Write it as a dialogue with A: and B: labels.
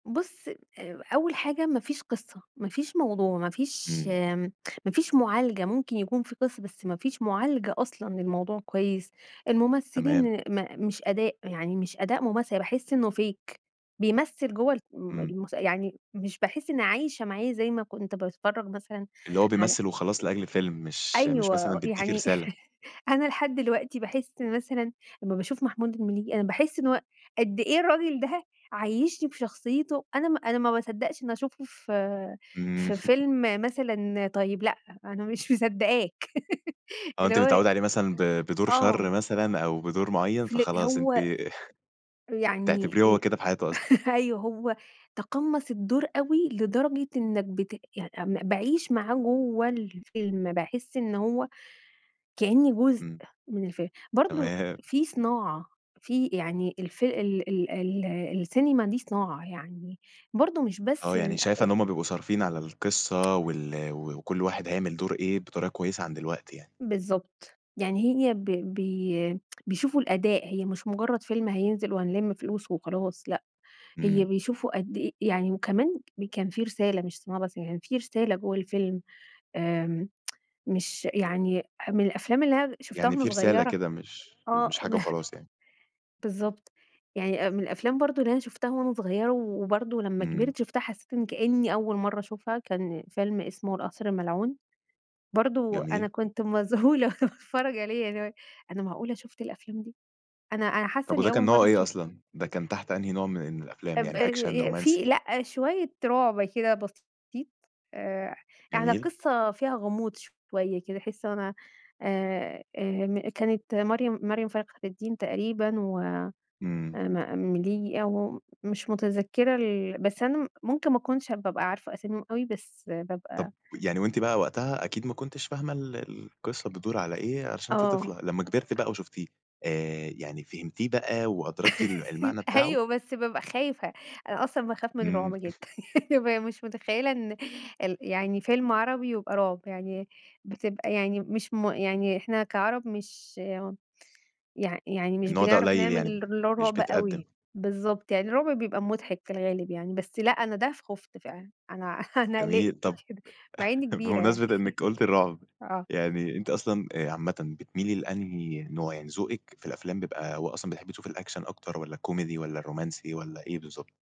A: بُص آآ، أول حاجة ما فيش قصّة، ما فيش موضوع، ما فيش
B: إمم.
A: آمم، ما فيش معالجة، ممكن يكون في قصّة بس ما فيش معالجة أصلًا للموضوع كويّس،
B: تمام.
A: الممثلين م مش أداء، يعني مش أداء ممثل، يعني باحس إنه fake بيمثّل جوّه الم
B: إمم.
A: المس يعني مش باحس إني عايشة معاه زي ما كنت باتفرج مثلًا
B: اللي هو
A: على
B: بيمثل وخلاص لأجل الفيلم، مش مش
A: أيوَه
B: مثلًا
A: و
B: بيدّيكِ
A: يعني
B: رسالة.
A: أنا لحد دلوقتي باحس مثلًا أمّا باشوف محمود المليجي، أنا باحس إن هو قد إيه الراجل ده عيشّني بشخصيته أنا م أنا ما باصدقش إن أنا شُفته ف
B: إمم.
A: في فيلم مثلًا طيّب، لأ أنا مش مصدقاك،
B: آه،
A: اللي
B: أنتِ
A: هو ي
B: متعودة عليه مثلًا ب بدور شر
A: آه.
B: مثلًا أو بدور معيّن،
A: فل
B: فخلاص أنتِ
A: هو يعني
B: بتعتبريه هو
A: إ
B: كده في حياته أصلًا.
A: أيوَه، هو تقمَّص الدور أوي لدرجة إنّك بت يعني م باعيش معاه جوّه الفيلم، باحس إن هو كأني جزء
B: إمم.
A: من الفيلم. برضه
B: تمام.
A: في صناعة، في يعني الف ال ال ال السينما دي صناعة، يعني برضه مش
B: آه،
A: بس
B: يعني
A: إن أ
B: شايفة
A: إ
B: إن هم بيبقوا صارفين على القصّة وال و وكل واحد هيعمل دور إيه، بطريقة كويسة عن دلوقتي يعني.
A: بالضبط، يعني هي ب بي بيشوفوا الأداء، هي مش مجرّد فيلم هينزل وهنلِم فلوس وخلاص، لأ، هي
B: إمم.
A: بيشوفوا قد إيه يعني وكمان م كان في رسالة، مش صناعة بس، يعني في رسالة جوّه الفيلم، آمم، مش يعني ح من الأفلام اللي أنا د شُفتها
B: يعني
A: وأنا
B: في رسالة
A: صغيرة
B: كده، مش مش
A: آه،
B: حاجة
A: ب
B: وخلاص يعني.
A: بالضبط، يعني أ من الأفلام برضه اللي أنا شُفتها وأنا صغيرة و وبرضه لمّا
B: إمم.
A: كبِرت شُفتها، حسّيت إن كأني أول مرة أشوفها، كان فيلم اسمه القصر الملعون، برضه أنا
B: جميل.
A: كنت مذهولة وأنا باتفرج عليه، يعني اللي هو إيه، أنا معقولة شُفت الأفلام دي! أنا أنا حاسة
B: طَب
A: إني
B: وده كان
A: أول
B: نوعه
A: مرة
B: إيه
A: أشوفها.
B: أصلًا؟ ده كان تحت أنهي نوع من الأفلام؟
A: اب
B: يعني
A: اي
B: أكشن،
A: ي في
B: رومانسي؟
A: لأ، شويّة رعب كده بسيط، آآ، يعني
B: جميل.
A: القصّة فيها غموض شويّة كده، أحس إن هو أنا آآ، آآ م كانت مريم مريم فخر الدين تقريبًا و آآ
B: إمم.
A: م المليجي أو م مش متذكرة ال بس أنا م ممكن ما أكونش هاب بابقى عارفة أساميهم أوي، بس
B: طَب
A: بابقى
B: و ويعني وأنتِ بقى وقتها أكيد ما كنتيش فاهمة ال القصة بتدور على إيه، عشان أنتِ طفلة.
A: آه.
B: لمّا كبرتِ بقى وشُفتيه، آآ، يعني فهمتيه بقى وأدركتِ ال المعنى بتاعه؟
A: أيوَه، بس بابقى خايفة، أنا أصلًا باخاف من
B: إمم.
A: الرعب جدًا، بابقى مش متخيّلة إن ال يعني فيلم عربي ويبقى رعب، يعني بتبقى يعني مش م يعني إحنا كعرب، مش [unintelligible] يع يعني مش
B: النوع ده
A: بنعرف
B: قليل
A: نعمل
B: يعني،
A: اللي هو
B: مش
A: الرعب
B: بيتقدّم.
A: أوي. بالضبط يعني الرعب بيبقى مُضحِك في الغالب يعني، بس لأ، أنا ده ف خُفت فعلًا، أنا أنا
B: جميل،
A: قلقت
B: طَب
A: كده، مع إنّي كبيرة يعني.
B: بمناسبة إنَِّك قُلتِ الرعب،
A: آه.
B: يعني أنتِ أصلًا، آآ، عامةً بتميلي لأنهي نوع؟ يعني ذوقِك في الأفلام بيبقى هو أصلًا بتحبي تشوفي الأكشن أكتر والّا الكوميدي والّا الرومانسي والّا إيه بالضبط؟